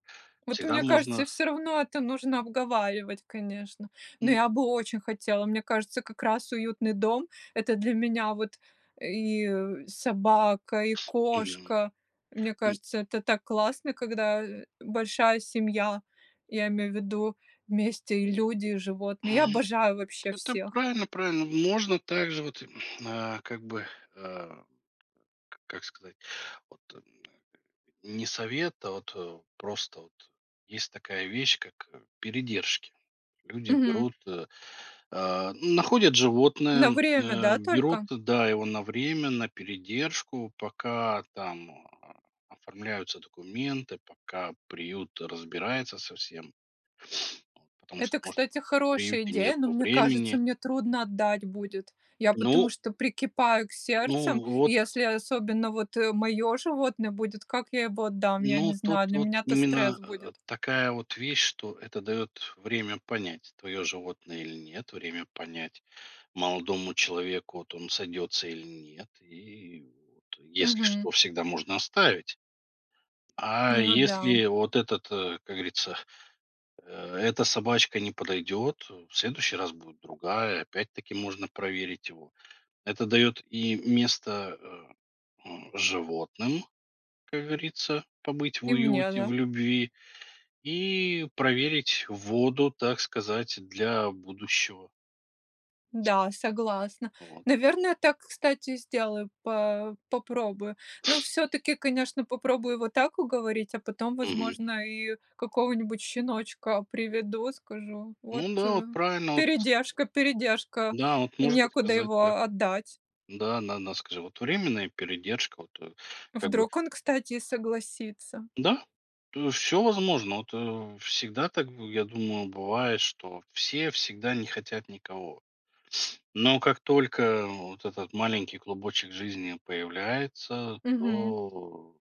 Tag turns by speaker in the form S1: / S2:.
S1: Вот
S2: Всегда
S1: мне
S2: можно
S1: кажется,
S2: ф
S1: всё равно это нужно обговаривать, конечно. Но
S2: М.
S1: я бы очень хотела. Мне кажется, как раз уютный дом- это для меня вот и, э, собака, и
S2: Мгм.
S1: кошка. Мне
S2: М.
S1: кажется, это так классно, когда, э, большая семья, я имею в виду вместе и люди, и животные. Я
S2: Мг.
S1: обожаю вообще
S2: Это
S1: всех.
S2: правильно правильно. Можно также вот, м, а как бы, э, как сказать, вот, эм, не совет, а вот, э, просто вот есть такая вещь, как, э, передержки: люди
S1: Мгм.
S2: берут, э, а ну, находят животное,
S1: На
S2: м,
S1: время,
S2: а
S1: да,
S2: берут,
S1: только?
S2: да, его на время на передержку, пока там, а, оформляются документы, пока приют разбирается со всем. Вот, потому
S1: Это,
S2: что, может,
S1: кстати,
S2: в
S1: хорошая
S2: приюте
S1: идея,
S2: нету
S1: но мне кажется,
S2: времени.
S1: мне трудно отдать будет. Я потому
S2: Ну
S1: что прикипаю к сердцем,
S2: Ну,
S1: и
S2: вот
S1: если особенно вот, э, моё животное будет, как я его отдам, я не
S2: Ну, тут
S1: знаю, для
S2: вот
S1: меня это стресс
S2: именно, э,
S1: будет.
S2: такая вот вещь, что это дает время понять, твое животное или нет, время понять молодому человеку, вот он сойдется или нет, и вот если
S1: Мгм.
S2: что, всегда можно оставить. А
S1: Ну да.
S2: если вот этот, э, как говорится, э, эта собачка не подойдет, э, в следующий раз будет другая, опять-таки можно проверить его. Это дает и место, э, м, животным, как говорится, побыть в
S1: И мне,
S2: уюте,
S1: да.
S2: в любви и проверить воду, так сказать, для будущего.
S1: Да, согласна.
S2: Вот.
S1: Наверное, так, кстати, сделаю, по попробую. Но всё-таки, конечно, попробую вот так уговорить, а потом,
S2: Мгм.
S1: возможно, и какого-нибудь щеночка приведу, скажу: "Вот,
S2: Ну да,
S1: э,
S2: вот правильно, да, вот с
S1: передержка, передержка,
S2: Да вот. Можно
S1: некуда
S2: сказать
S1: его,
S2: так.
S1: а, отдать".
S2: Да, на на скажи вот, временная передержка, вот, э, как бы
S1: Вдруг он, кстати, и согласится?
S2: Да, то есть всё возможно. Вот, э, всегда так бы, я думаю, бывает, что все всегда не хотят никого. Но как только вот этот маленький клубочек жизни появляется,
S1: Мгм.
S2: то э